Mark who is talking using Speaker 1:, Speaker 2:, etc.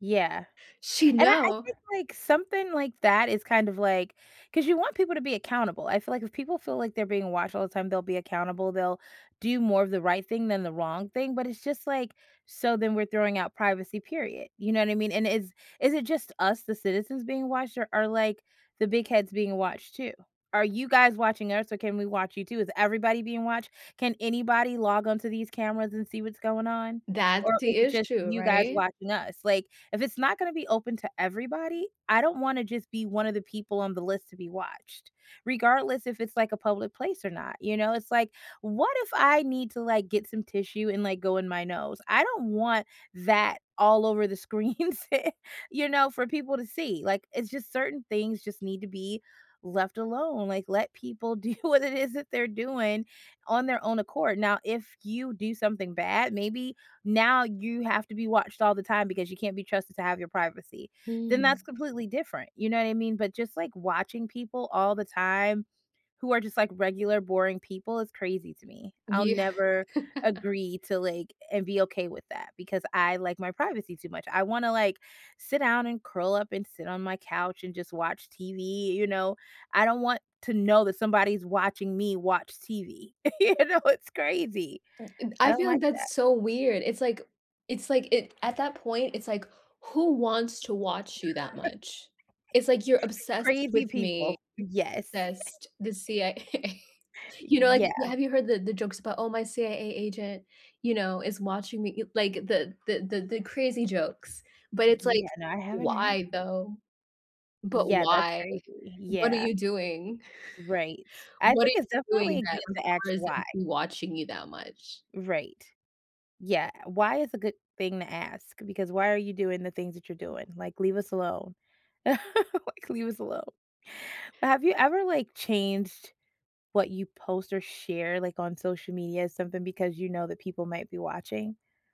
Speaker 1: Yeah,
Speaker 2: She
Speaker 1: and I I
Speaker 2: know?
Speaker 1: think, like, something like that is kind of, like 'cause you want people to be accountable. I feel like if people feel like they're being watched all the time, they'll be accountable, they'll do more of the right thing than the wrong thing, but it's just like so then we're throwing out privacy, period, you know what I mean? And is is it just us- the citizens- being watched, or are, like, the big heads being watched too? "Are you guys watching us, or can we watch you too? Is everybody being watched? Can anybody log on to these cameras and see what's going on?
Speaker 2: That's
Speaker 1: Or is
Speaker 2: the
Speaker 1: it just
Speaker 2: issue,
Speaker 1: you guys
Speaker 2: right?
Speaker 1: watching us?" Like, if it's not gonna be open to everybody, I don't wanna just be one of the people on the list to be watched, regardless if it's, like, a public place or not, you know? It's, like, what if I need to, like, get some tissue and, like, go in my nose? I don't want that all over the screens, you know, for people to see. Like, it's just certain things just need to be left alone, like, let people do what it is that they’re doing on their own accord. Now if you do something bad, maybe now you have to be watched all the time because you can't be trusted to have your privacy, then that's
Speaker 2: Mm.
Speaker 1: completely different, you know what I mean? But just, like, watching people all the time, who are just, like, regular boring people is crazy to me. I'll
Speaker 2: Yeah.
Speaker 1: never agree to, like and be okay with that because I like my privacy too much, I wanna, like, sit down and curl up and sit on my couch and just watch TV, you know? I don't want to know that somebody's watching me watch TV, you know, it's crazy.
Speaker 2: And
Speaker 1: I
Speaker 2: I
Speaker 1: don't
Speaker 2: feel like
Speaker 1: like that.
Speaker 2: that's so weird. It's like it's like it At that point, it's like, "Who wants to watch you that much? It's like you're obsessed
Speaker 1: Crazy
Speaker 2: with me."
Speaker 1: people. Yes.
Speaker 2: sessed The CIA A You know, like,
Speaker 1: Yeah.
Speaker 2: you Have you heard the the jokes about, "Oh, my CIA agent," you know, "is watching me?" you Like, the the the the crazy jokes, but it's like,
Speaker 1: Yeah. No, I haven't heard
Speaker 2: "Why, though? But,
Speaker 1: Yeah, that's
Speaker 2: why?
Speaker 1: crazy.
Speaker 2: What are
Speaker 1: Yeah.
Speaker 2: you doing
Speaker 1: Right. I
Speaker 2: What are
Speaker 1: think
Speaker 2: you
Speaker 1: it's
Speaker 2: doing
Speaker 1: definitely good
Speaker 2: that
Speaker 1: to ask,
Speaker 2: requires them
Speaker 1: "Why?"
Speaker 2: to be watching you that much?"
Speaker 1: Right. Yeah, uh, "Why?" is a good thing to ask because, "Why are you doing the things that you're doing?" like, "Leave us alone." Like, "Leave us alone." But have you ever, like, changed what you post or share, like, on social media, something, because you know that people might be watching?